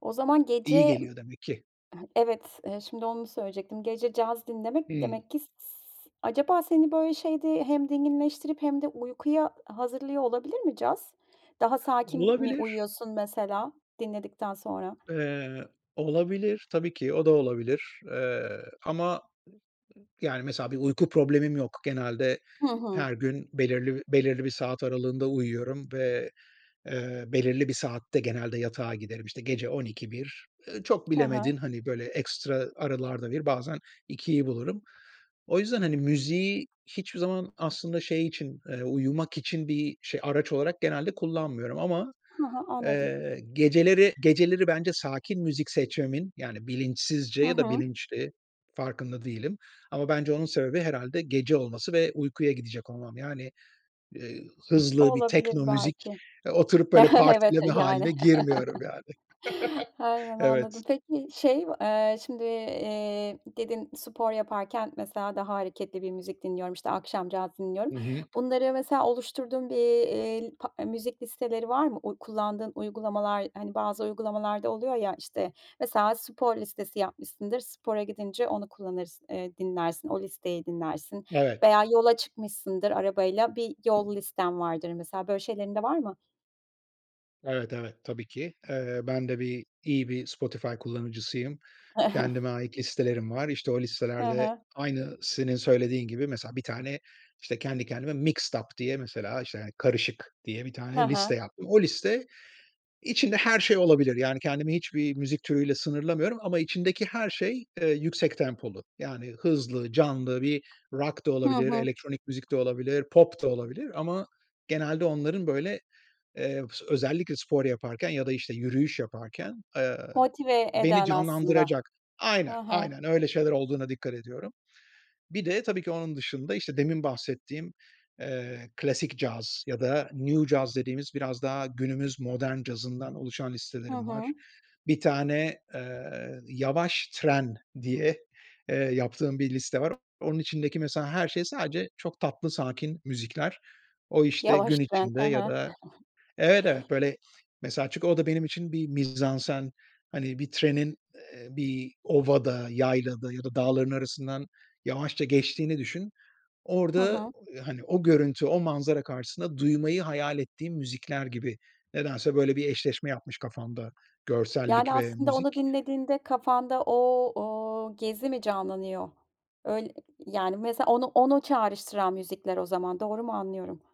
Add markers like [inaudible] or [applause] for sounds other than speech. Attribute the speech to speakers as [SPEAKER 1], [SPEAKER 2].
[SPEAKER 1] O zaman
[SPEAKER 2] İyi
[SPEAKER 1] gece,
[SPEAKER 2] geliyor demek ki.
[SPEAKER 1] evet, eee, şimdi onu söyleyecektim. Gece caz dinlemek
[SPEAKER 2] Hımm.
[SPEAKER 1] demek ki s s acaba, seni, böyle, şeyde, hem dinginleştirip hem de uykuya hazırlıyor olabilir mi caz? Daha sakin mi
[SPEAKER 2] Olabilir.
[SPEAKER 1] uyuyorsun mesela dinledikten sonra?
[SPEAKER 2] Eee, olabilir. Tabii ki, o da olabilir. Eee, ama, i i yani, mesela, bir uyku problemim yok. Genelde
[SPEAKER 1] Hı hı.
[SPEAKER 2] her gün belirli belirli bir saat aralığında uyuyorum ve, eee, belirli bir saatte genelde yatağa giderim. İşte gece 00.00-01.00 çok
[SPEAKER 1] Hı
[SPEAKER 2] bilemedin,
[SPEAKER 1] hı.
[SPEAKER 2] hani, böyle, ekstra aralarda 01.00'i, bazen 02.00'i bulurum. O yüzden, hani, müziği hiçbir zaman aslında şey için, eee, uyumak için bir araç olarak genelde kullanmıyorum ama,
[SPEAKER 1] Hı hı, anladım.
[SPEAKER 2] eee, geceleri, geceleri bence sakin müzik seçmemin, yani, bilinçsizce
[SPEAKER 1] Hı
[SPEAKER 2] ya da
[SPEAKER 1] hı.
[SPEAKER 2] bilinçli, farkında değilim ama bence onun sebebi herhâlde gece olması ve uykuya gidecek olmam. Yani, eee, hızlı bir
[SPEAKER 1] Olabilir
[SPEAKER 2] tekno müzik,
[SPEAKER 1] belki.
[SPEAKER 2] oturup böyle
[SPEAKER 1] Evet,
[SPEAKER 2] partileme
[SPEAKER 1] yani.
[SPEAKER 2] hâline girmiyorum, yani. [chuckles]
[SPEAKER 1] [chuckles] Aynen,
[SPEAKER 2] Evet.
[SPEAKER 1] anladım. Peki, şey, eee, şimdi, eee, dedin spor yaparken mesela daha hareketli bir müzik dinliyorum, işte, akşam caz dinliyorum.
[SPEAKER 2] Hı hı.
[SPEAKER 1] Bunları mesela oluşturduğun bir, eee, pa eee, müzik listeleri var mı? Uy kullandığın uygulamalar, hani, bazı uygulamalarda oluyor ya, işte, mesela, spor listesi yapmışsındır, spora gidince onu kullanırsın, eee, dinlersin, o listeyi dinlersin
[SPEAKER 2] Evet.
[SPEAKER 1] veya yola çıkmışsındır arabayla bir yol listen vardır, mesela, böyle şeylerin de var mı?
[SPEAKER 2] Evet, evet. Tabii ki. Eee, ben de bir, iyi bir Spotify kullanıcısıyım.
[SPEAKER 1] [chuckles]
[SPEAKER 2] Kendime ait listelerim var. İşte, o
[SPEAKER 1] Hı
[SPEAKER 2] listelerde
[SPEAKER 1] hı.
[SPEAKER 2] aynı senin söylediğin gibi, mesela, bir tane, işte, kendi kendime mixed up diye, mesela, işte, hani, karışık diye bir
[SPEAKER 1] Hı
[SPEAKER 2] tane liste
[SPEAKER 1] hı.
[SPEAKER 2] yaptım. O liste içinde her şey olabilir. Yani, kendimi hiçbir müzik türüyle sınırlamıyorum ama içindeki her şey, eee, yüksek tempolu. Yani, hızlı, canlı bir rock da
[SPEAKER 1] Hı
[SPEAKER 2] olabilir,
[SPEAKER 1] hı.
[SPEAKER 2] elektronik müzik de olabilir, pop da olabilir ama genelde onların, böyle, eee, özellikle spor yaparken ya da, işte, yürüyüş yaparken, eee,
[SPEAKER 1] Motive
[SPEAKER 2] beni
[SPEAKER 1] eden aslında.
[SPEAKER 2] canlandıracak, aynen,
[SPEAKER 1] Hı hı.
[SPEAKER 2] aynen, öyle şeyler olduğuna dikkat ediyorum. Bir de, tabii ki, onun dışında, işte, demin bahsettiğim, eee, klasik caz ya da new caz dediğimiz biraz daha günümüz modern cazından oluşan
[SPEAKER 1] Hı
[SPEAKER 2] listelerim
[SPEAKER 1] hı.
[SPEAKER 2] var. Bir tane, eee, yavaş tren diye, eee, yaptığım bir liste var. Onun içindeki, mesela, her şey sadece çok tatlı sakin müzikler. O işte
[SPEAKER 1] Yavaş
[SPEAKER 2] gün
[SPEAKER 1] tren, hı
[SPEAKER 2] içinde ya
[SPEAKER 1] hı.
[SPEAKER 2] da,
[SPEAKER 1] [chuckles]
[SPEAKER 2] evet, evet, böyle, mesela, çünkü o da benim için bir mizansen, hani, bir trenin, eee, bir ovada, yaylada ya da dağların arasından yavaşça geçtiğini düşün.
[SPEAKER 1] Hı
[SPEAKER 2] Orada,
[SPEAKER 1] hı.
[SPEAKER 2] hani, o görüntü, o manzara karşısında duymayı hayal ettiğim müzikler gibi nedense böyle bir eşleşme yapmış kafamda görsellik
[SPEAKER 1] Yani,
[SPEAKER 2] ve
[SPEAKER 1] aslında, onu
[SPEAKER 2] müzik.
[SPEAKER 1] dinlediğinde kafanda o o gezi mi canlanıyor? Öyle, yani, mesela, onu onu çağrıştıran müzikler o zaman. Doğru mu anlıyorum?